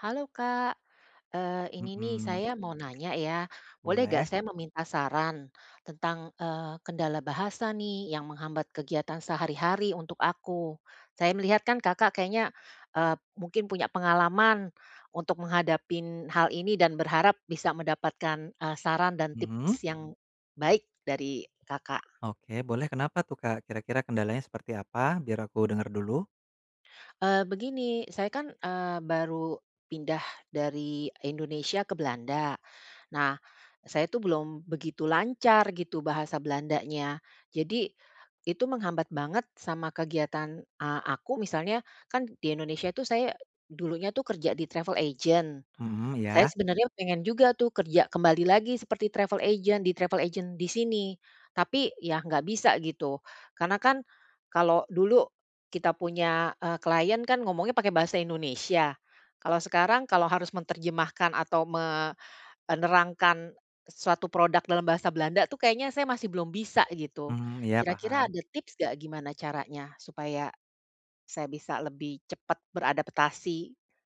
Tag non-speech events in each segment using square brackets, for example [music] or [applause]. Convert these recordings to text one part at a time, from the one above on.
Halo Kak. Eee, ini nih Mhm. saya mau nanya ya. Boleh nggak Boleh. saya meminta saran. Tentang, eee, kendala bahasa nih yang menghambat kegiatan sehari-hari untuk aku. Saya melihat kan Kakak kayaknya, eee, mungkin punya pengalaman, untuk menghadapin hal ini dan berharap bisa mendapatkan, eee, saran dan Mhm. tips yang baik dari Kakak. Oke boleh kenapa tuh Kak, kira-kira kendalanya seperti apa? Biar aku dengar dulu. Eee, begini, saya kan, eee, baru pindah dari Indonesia ke Belanda. Nah, saya tuh belum begitu lancar gitu bahasa Belandanya. Jadi itu menghambat banget sama kegiatan a aku misalnya, kan di Indonesia tuh saya dulunya tuh kerja di travel agent. Mhm, Saya ya? sebenarnya pengen juga tuh kerja kembali lagi seperti travel agent di travel agent di sini. Tapi ya nggak bisa gitu. Karena kan kalau dulu kita punya, eee, klien kan ngomongnya pakai bahasa Indonesia. Kalau sekarang kalau harus menterjemahkan atau me eee, nerangkan suatu produk dalam bahasa Belanda tuh kayaknya saya masih belum bisa gitu. Mhm, ya Kira-kira paham. ada tips nggak gimana caranya supaya saya bisa lebih cepat beradaptasi?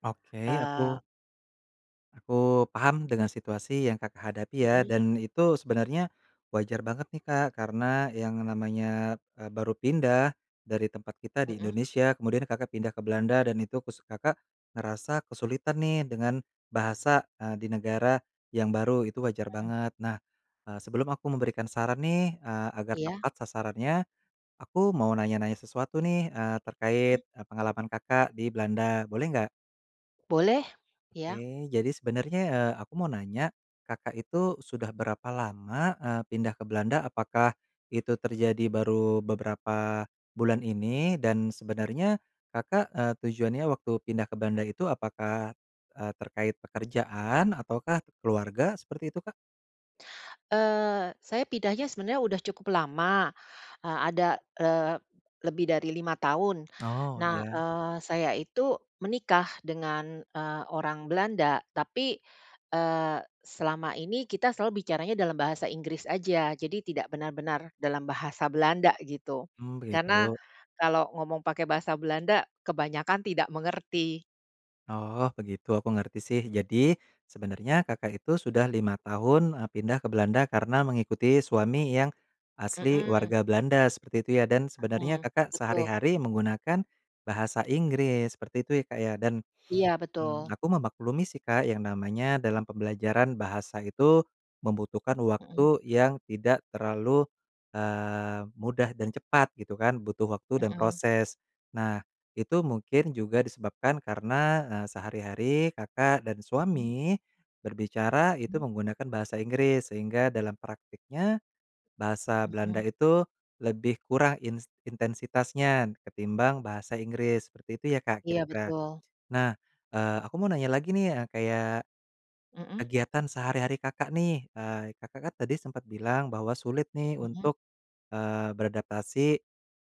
Oke, aku Eee aku paham dengan situasi yang Kakak hadapi ya, Mhm. dan itu sebenarnya wajar banget nih, Kak, karena yang namanya, eee, baru pindah dari tempat kita di Mhm. Indonesia, kemudian Kakak pindah ke Belanda dan itu kus Kakak ngerasa kesulitan nih dengan bahasa, eee, di negara yang baru, itu wajar Heeh. banget. Nah, eee, sebelum aku memberikan saran nih, eee, agar Iya. tepat sasarannya, aku mau nanya-nanya sesuatu nih, eee, Mhm. terkait, eee, pengalaman Kakak di Belanda, boleh nggak? Boleh, iya. Oke jadi sebenernya, eee, aku mau nanya, Kakak itu sudah berapa lama, eee, pindah ke Belanda, apakah itu terjadi baru beberapa bulan ini, dan sebenarnya Kakak, eee, tujuannya waktu pindah ke Belanda itu apakah, eee, terkait pekerjaan ataukah keluarga, seperti itu, Kak? Eee, saya pindahnya sebenarnya udah cukup lama. Eee, ada, eee, lebih dari 5 tahun. Oh, Nah, ya. eee, saya itu menikah dengan, eee, orang Belanda, tapi, eee, selama ini kita selalu bicaranya dalam bahasa Inggris aja, jadi tidak benar-benar dalam bahasa Belanda gitu. Mmm, Karena begitu. kalau ngomong pakai bahasa Belanda kebanyakan tidak mengerti. Oh begitu aku ngerti sih, jadi sebenarnya Kakak itu sudah 5 tahun, eee, pindah ke Belanda karena mengikuti suami yang asli Mhm. warga Belanda seperti itu ya, dan sebenarnya Mhm, Kakak betul. sehari-hari menggunakan bahasa Inggris seperti itu ya, Kak, ya, dan, Iya, mmm, betul. aku memaklumi sih, Kak, yang namanya dalam pembelajaran bahasa itu membutuhkan Mhm. waktu yang tidak terlalu, eee, mudah dan cepat gitu kan butuh waktu dan Mhm. proses. Nah itu mungkin juga disebabkan karena, eee, sehari-hari Kakak dan Mmm? suami, berbicara itu Mhm. menggunakan bahasa Inggris, sehingga dalam praktiknya bahasa Belanda Mhm. itu lebih kurang ins intensitasnya ketimbang bahasa Inggris, seperti itu ya, Kak, Iya, kira-kira. betul. Nah, eee, aku mau nanya lagi nih, eee, kayak Mmm. kegiatan sehari-hari Kakak nih, eee, Kakak kan tadi sempet bilang bahwa sulit nih Iya. untuk, eee, beradaptasi,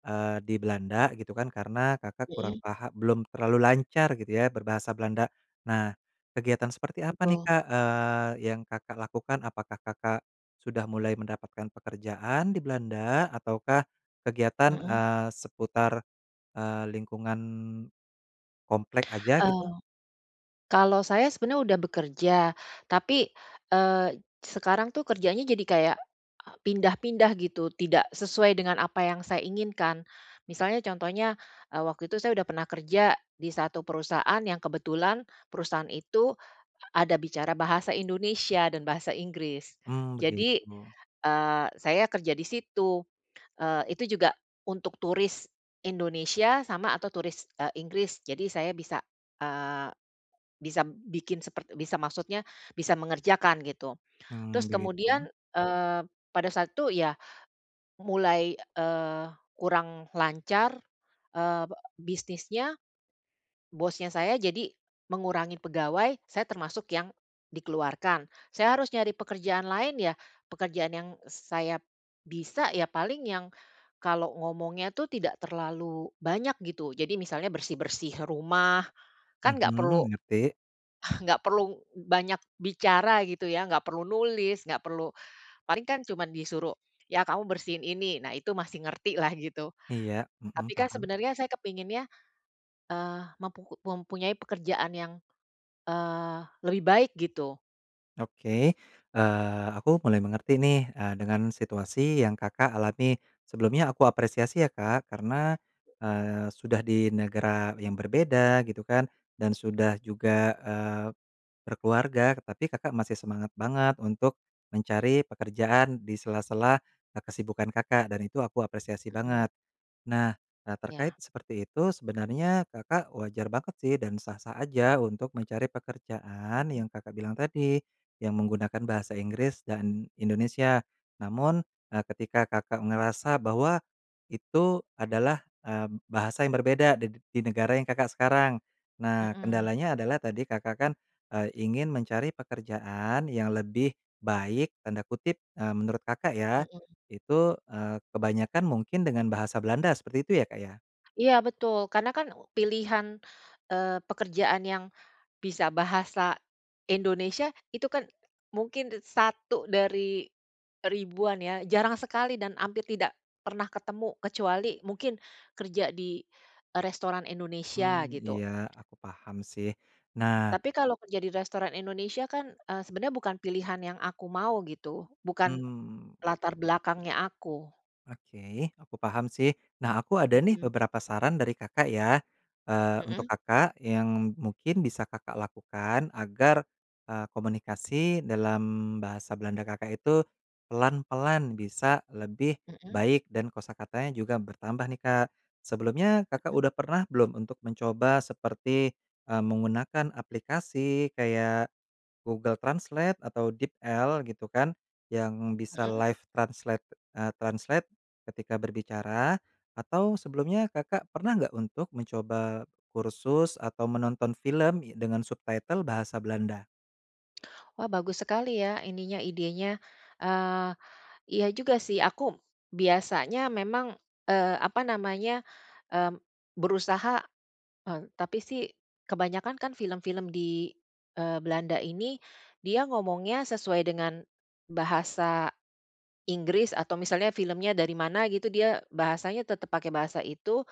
eee, di Belanda gitu kan karena Kakak kurang Mhm. paha belum terlalu lancar gitu ya berbahasa Belanda. Nah kegiatan seperti apa nih, Betul. Kak, eee, yang Kakak lakukan apakah Kakak sudah mulai mendapatkan pekerjaan di Belanda ataukah kegiatan, Mhm. eee, seputar, eee, lingkungan komplek aja gitu? Eee. Kalau saya sebenarnya udah bekerja. Tapi, eee, sekarang tuh kerjanya jadi kayak pindah-pindah gitu, tidak sesuai dengan apa yang saya inginkan. Misalnya contohnya, eee, waktu itu saya udah pernah kerja, di 1 perusahaan yang kebetulan perusahaan itu ada bicara bahasa Indonesia dan bahasa Inggris. Mmm, Jadi, begitu. eee, saya kerja di situ. Eee, itu juga untuk turis Indonesia sama atau turis, eee, Inggris. Jadi saya bisa, eee, bisa bikin sepert bisa maksudnya bisa mengerjakan gitu. Terus Mmm, kemudian, begitu. eee, pada saat itu ya, mulai, eee, kurang lancar, eee, be bisnisnya, bosnya saya jadi mengurangi pegawai, saya termasuk yang dikeluarkan. Saya harus nyari pekerjaan lain ya, pekerjaan yang saya bisa ya paling yang kalau ngomongnya tuh tidak terlalu banyak gitu, jadi misalnya bersih-bersih rumah, kan nggak perlu Mhm, ngerti. [chuckles] nggak perlu banyak bicara gitu ya, nggak perlu nulis, nggak perlu paling kan cuma disuruh ya kamu bersihin ini, nah itu masih ngerti lah gitu. Iya, mhm, Tapi kan paham. sebenarnya saya kepinginnya, eee, mempuku mempunyai pekerjaan yang, eee, lebih baik gitu. Oke, eee, aku mulai mengerti nih, eee, dengan situasi yang Kakak alami. Sebelumnya aku apresiasi ya, Kak, karena, Mmm. eee, sudah di negara yang berbeda gitu kan, dan sudah juga, eee, berkeluarga, tetapi Kakak masih semangat banget untuk mencari pekerjaan di sela-sela, eee, kesibukan Kakak dan itu aku apresiasi Mmm. banget. Nah, eee, terkait Ya. seperti itu sebenarnya Kakak wajar banget sih dan sah-sah aja untuk mencari pekerjaan Mhm. yang Kakak bilang tadi, yang menggunakan bahasa Inggris dan Indonesia. Namun, eee, ketika Kakak ngerasa bahwa itu adalah, eee, bahasa yang berbeda d di negara yang Kakak sekarang. Nah Mhm. kendalanya adalah tadi Kakak kan, eee, ingin mencari pekerjaan yang lebih baik, tanda kutip, eee, menurut Kakak ya, Mhm. itu, eee, kebanyakan mungkin dengan bahasa Belanda seperti itu ya, Kak, ya? Iya betul, karena kan pilihan, eee, pekerjaan yang bisa bahasa Indonesia itu kan mungkin d 1 dari ribuan ya, jarang sekali dan hampir tidak pernah ketemu, kecuali mungkin kerja di, eee, restoran Mmm, Indonesia gitu. iya aku paham sih, nah Tapi kalau kerja di restoran Indonesia kan, eee, sebenarnya bukan pilihan yang aku mau gitu, bukan Mmm, latar begitu. belakangnya aku. Oke aku paham sih. Nah aku ada nih Mhm. beberapa saran dari Kakak ya, eee, untuk Mhm. Kakak yang mungkin bisa Kakak lakukan agar, eee, komunikasi dalam bahasa Belanda Kakak itu pelan-pelan bisa lebih Mhm. baik dan kosakatanya juga bertambah nih, Kak. Sebelumnya Kakak Mhm. udah pernah belum untuk mencoba seperti, eee, menggunakan aplikasi kayak Google Translate atau DeepL gitu kan, yang bisa Mhm. live translate, eee, translate ketika berbicara? Atau sebelumnya Kakak pernah nggak untuk mencoba kursus atau menonton film y dengan subtitle bahasa Belanda? Wah bagus sekali ya ininya, idenya. Eee, iya juga sih aku biasanya memang, eee, apa namanya, mmm, berusaha eee, tapi sih kebanyakan kan film-film di, eee, Belanda ini dia ngomongnya sesuai dengan bahasa Inggris, atau misalnya filmnya dari mana gitu dia bahasanya tetap pakai bahasa itu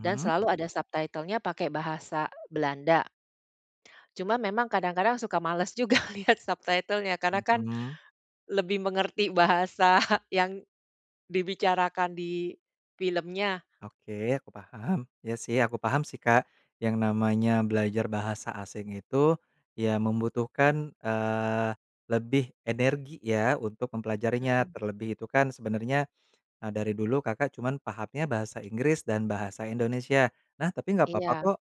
dan selalu ada subtitle-nya pakai bahasa Belanda. Cuma memang kadang-kadang suka males juga lihat subtitle-nya karena kan Mhm. lebih mengerti bahasa yang dibicarakan di filmnya. Oke aku paham. Iya sih aku paham sih, Kak. Yang namanya belajar bahasa asing itu ya membutuhkan, eee, lebih energi ya untuk mempelajarinya, Mhm. terlebih itu kan sebenarnya, eee, dari dulu Kakak cuman pahamnya bahasa Inggris dan bahasa Indonesia. Nah tapi nggak papa Iya. kok,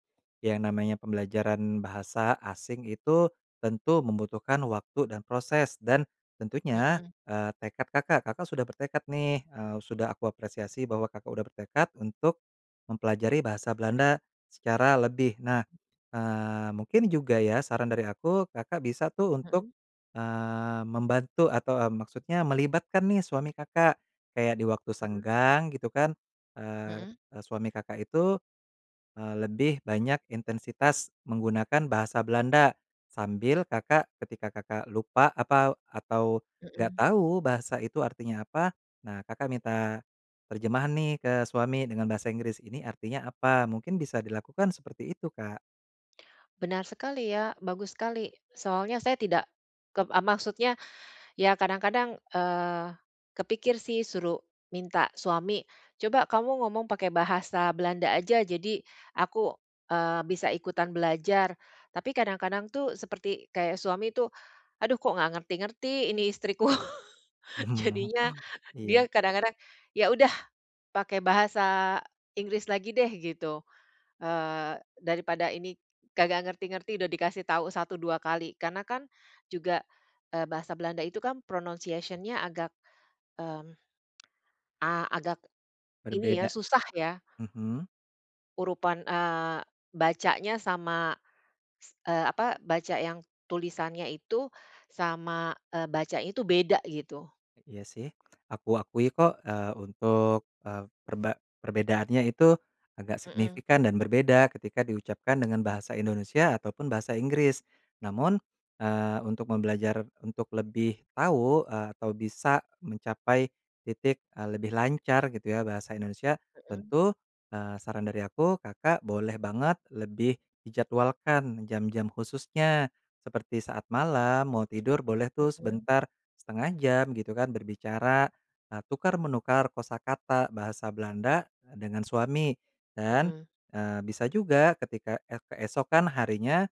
ya namanya pembelajaran bahasa asing itu tentu membutuhkan waktu dan proses dan tentunya, Mhm. eee, tekad Kakak, Kakak sudah bertekad nih, eee, sudah aku apresiasi bahwa Kakak udah bertekad untuk mempelajari bahasa Belanda secara lebih. Nah, eee, mungkin juga ya saran dari aku, Kakak bisa tuh untuk, Mhm. eee, membantu atau, eee, maksudnya melibatkan nih suami Kakak. Kayak di waktu Mhm. senggang gitu kan, eee Mhm. eee, suami Kakak itu, eee, lebih banyak intensitas menggunakan bahasa Belanda, sambil Kakak ketika Kakak lupa apau atau nggak Mhm. tahu bahasa itu artinya apa, nah Kakak minta terjemahan nih ke suami dengan bahasa Inggris, ini artinya apa? Mungkin bisa dilakukan seperti itu, Kak. Benar sekali ya, bagus sekali. Soalnya saya tidak kep eee, maksudnya, ya kadang-kadang, eee, kepikir sih suruh minta suami. "Coba kamu ngomong pakai bahasa Belanda aja jadi aku, eee, bisa ikutan belajar." Tapi kadang-kadang tuh seperti kayak suami tuh, "Aduh kok nggak ngerti-ngerti ini istriku." [chuckles] Mhm, Jadinya dia iya. kadang-kadang, "Ya udah pakai bahasa Inggris lagi deh," gitu, eee, "daripada ini kagak ngerti-ngerti udah dikasih tau 1 2 kali," karena kan juga, eee, bahasa Belanda itu kan pronounciation-nya agak, mmm, a agak ini ya Berbeda, susah ya. mhm. Urutan, eee, bacanya sama s eee, apa baca yang tulisannya itu, sama, eee, bacanya itu beda gitu. Iya sih, aku akui kok, eee, untuk, eee, perba perbedaannya itu agak Mhm. signifikan dan berbeda ketika diucapkan dengan bahasa Indonesia ataupun bahasa Inggris. Namun, eee, untuk membelajar untuk lebih tahu, eee, atau bisa mencapai titik, eee, lebih lancar gitu ya bahasa Indonesia, Mhm. tentu, eee, saran dari aku Kakak boleh banget lebih dijadwalkan jam-jam khususnya. Seperti saat malam mau tidur boleh tuh Mhm. sebentar, 1/2 jam gitu kan berbicara, eee, tukar menukar kosakata bahasa Belanda dengan suami. Dan, Mhm. eee, bisa juga ketika ek keesokan harinya,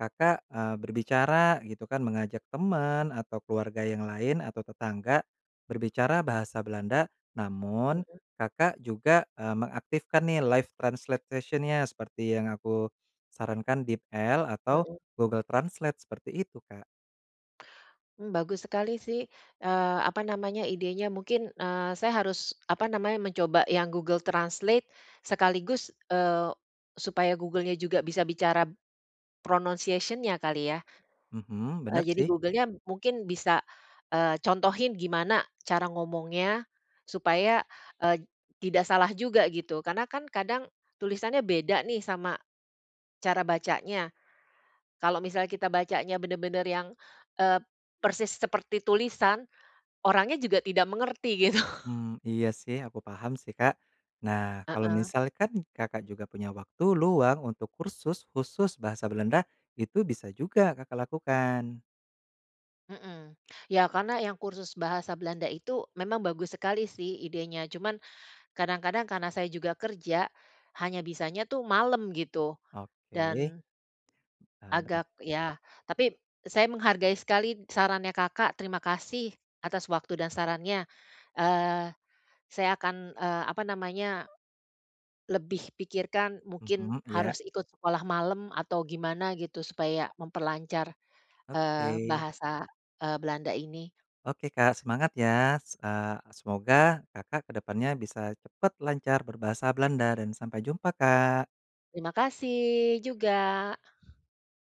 Kakak, eee, berbicara gitu kan mengajak teman atau keluarga yang lain atau tetangga, berbicara bahasa Belanda namun Mhm. Kakak juga, eee, mengaktifkan nih live translation-nya seperti yang aku sarankan DeepL atau Mhm. Google Translate seperti itu, Kak. Mmm, bagus sekali sih, eee, apa namanya idenya mungkin, eee, saya harus apa namanya mencoba yang Google Translate, sekaligus, eee, supaya Google-nya juga bisa bicara pronounciation-nya kali ya? Mhm, Eee, bener jadi sih. Google-nya mungkin bisa, eee, contohin gimana cara ngomongnya, supaya, eee, tidak salah juga gitu, karena kan kadang tulisannya beda nih sama cara bacanya. Kalau misalnya kita bacanya bener-bener yang, eee, persis seperti tulisan, orangnya juga tidak mengerti gitu. Mmm, iya sih aku paham sih, Kak. Nah kalau Heeh. misalkan Kakak juga punya waktu luang untuk kursus khusus bahasa Belanda, itu bisa juga Kakak lakukan. Mhm. Ya karena yang kursus bahasa Belanda itu memang bagus sekali sih idenya, cuman kadang-kadang karena saya juga kerja, hanya bisanya tuh malem gitu, Oke, dan eee, bener. agak ya tapi saya menghargai sekali sarannya Kakak, terima kasih atas waktu dan sarannya. Eee, saya akan, eee, apa namanya lebih pikirkan mungkin Mhm, iya. harus ikut sekolah malem atau gimana gitu supaya memperlancar, eee, Oke. bahasa, eee, Belanda ini. Oke Kak semangat ya. Se eee, semoga Kakak ke depannya bisa cepat lancar berbahasa Belanda dan sampai jumpa, Kak. Terima kasih juga.